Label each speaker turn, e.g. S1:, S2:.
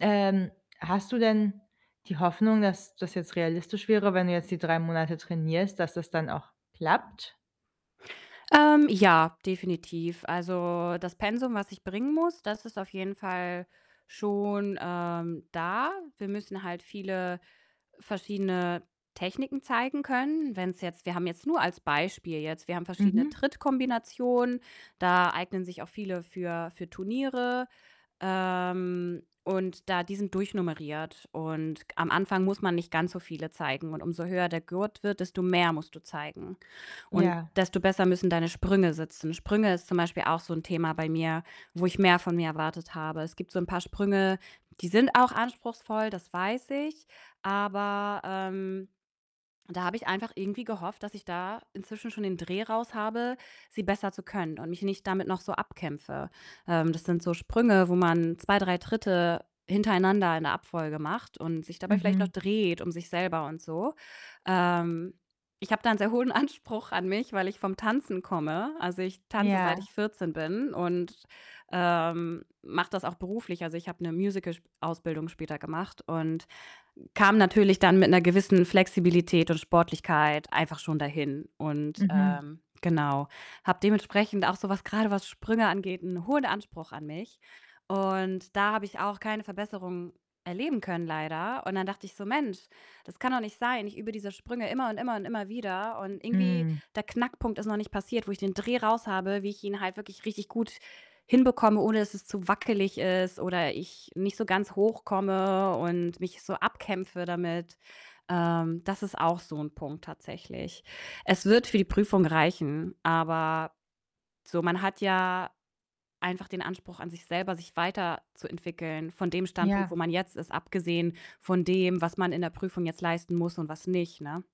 S1: Ähm. Hast du denn die Hoffnung, dass das jetzt realistisch wäre, wenn du jetzt die 3 Monate trainierst, dass das dann auch klappt?
S2: Ähm, ja, definitiv. Also, das Pensum, was ich bringen muss, das ist auf jeden Fall schon, ähm, da. Wir müssen halt viele verschiedene Techniken zeigen können. Wenn's jetzt wir haben jetzt nur als Beispiel jetzt, wir haben verschiedene
S1: Mhm.
S2: Trittkombinationen, da eignen sich auch viele für für Turniere. Ähm, und da die sind durchnummeriert und am Anfang muss man nicht ganz so viele zeigen. Und umso höher der Gurt wird, desto mehr musst du zeigen. Und
S1: Ja.
S2: desto besser müssen deine Sprünge sitzen. Sprünge ist zum Beispiel auch so 'n Thema bei mir, wo ich mehr von mir erwartet habe. Es gibt so 'n paar Sprünge die sind auch anspruchsvoll, das weiß ich. Aber, ähm, da habe ich einfach irgendwie gehofft, dass ich da inzwischen schon den Dreh raus habe, sie besser zu können und mich nicht damit noch so abkämpfe. Ähm, das sind so Sprünge, wo man 2, 3 Tritte hintereinander in der Abfolge macht und sich dabei vielleicht noch
S1: Mhm.
S2: dreht um sich selber und so. Ähm, ich habe da einen sehr hohen Anspruch an mich, weil ich vom Tanzen komme. Also, ich tanze seit
S1: Ja.
S2: ich 14 bin und, ähm, mache das auch beruflich. Also, ich habe 'ne Musicalausbildung später gemacht und kam natürlich dann mit 'ner gewissen Flexibilität und Sportlichkeit einfach schon dahin. Und,
S1: Mhm.
S2: ähm, genau, habe dementsprechend auch so was, grade, was Sprünge angeht, 'n hohen Anspruch an mich. Und da habe ich auch keine Verbesserung erleben können, leider. Und dann dachte ich so: „Mensch, das kann doch nicht sein. Ich übe diese Sprünge immer und immer und immer wieder.“ Und irgendwie
S1: Mhm.
S2: der Knackpunkt ist noch nicht passiert, wo ich den Dreh raushabe, wie ich ihn halt wirklich richtig gut hinbekomme, ohne dass es zu wackelig ist oder ich nicht so ganz hoch komme und mich so abkämpfe damit. Ähm, das ist auch so 'n Punkt tatsächlich. Es wird für die Prüfung reichen, aber so, man hat ja einfach den Anspruch an sich selber, sich weiterzuentwickeln von dem Standpunkt,
S1: Ja.
S2: wo man jetzt ist, abgesehen von dem, was man in der Prüfung jetzt leisten muss und was nicht, ne?